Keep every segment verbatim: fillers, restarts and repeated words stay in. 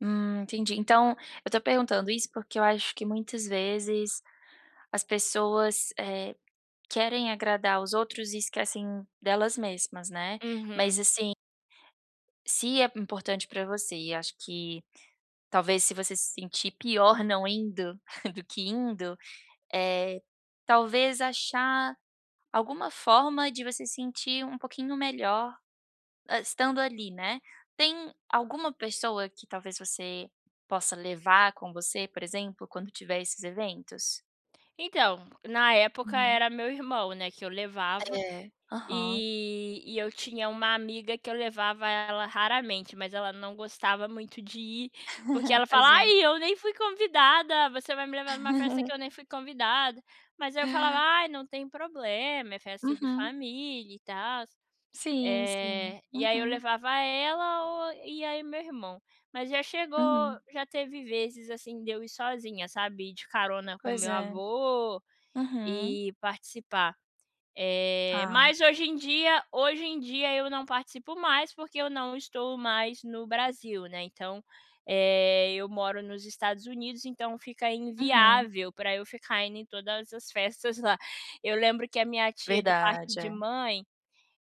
Hum, entendi. Então, eu tô perguntando isso porque eu acho que muitas vezes, as pessoas, eh, querem agradar os outros e esquecem delas mesmas, né, mas Uhum. assim se é importante pra você e acho que talvez se você se sentir pior não indo do que indo, eh, talvez achar alguma forma de você sentir um pouquinho melhor, ah, estando ali, né. Tem alguma pessoa que talvez você possa levar com você, por exemplo, quando tiver esses eventos? Então, na época Uhum. era meu irmão, né, que eu levava Eh, aham. e e eu tinha uma amiga que eu levava ela raramente, mas ela não gostava muito de ir, porque ela fala: Pois "Ai, é. eu nem fui convidada. Você vai me levar numa festa que eu nem fui convidada" Mas aí, eu falava: "Ai, não tem problema, é festa de Uhum. família e tals". Sim, sim. Eh, e aí eu Uhum. levava ela ou e aí, meu irmão. Mas já chegou Uhum. já teve vezes assim, de eu ir sozinha, sabe, ir de carona com Pois meu é. avô Uhum. e participar. Eh, Tá. mas hoje em dia hoje em dia eu não participo mais porque eu não estou mais no Brasil, né, então, eh, eu moro nos Estados Unidos, então, fica Uhum. inviável pra eu ficar indo em todas as festas lá. Eu lembro que a minha tia de parte Verdade. de É. mãe,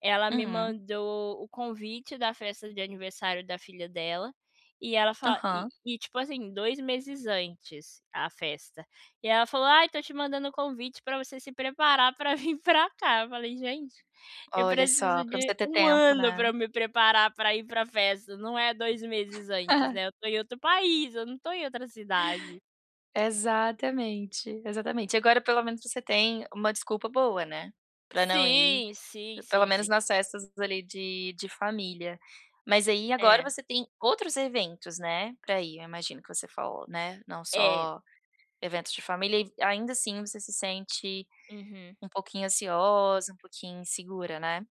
ela me Uhum. mandou o convite da festa de aniversário da filha dela, e ela fala e Aham. e, tipo assim, dois meses antes, a festa. E ela falou: "Ai, tô te mandando o convite pra você se preparar pra vir pra cá". Eu falei: "Gente, eu Olha só, preciso pra de você ter um tempo, ano né? pra me preparar pra ir pra festas". Não é dois meses antes, né. Eu tô em outro país, eu não tô em outra cidade. Exatamente, exatamente. Agora pelo menos, você tem uma desculpa boa, né? Pra não ir, Sim, sim, pelo sim, menos sim. nas festas ali, de de família. Mas aí, agora É. você tem outros eventos, né, pra ir? Eu imagino que você falou, né, não É. só eventos de família e ainda assim você se sente Uhum. um pouquinho ansiosa, um pouquinho insegura, né?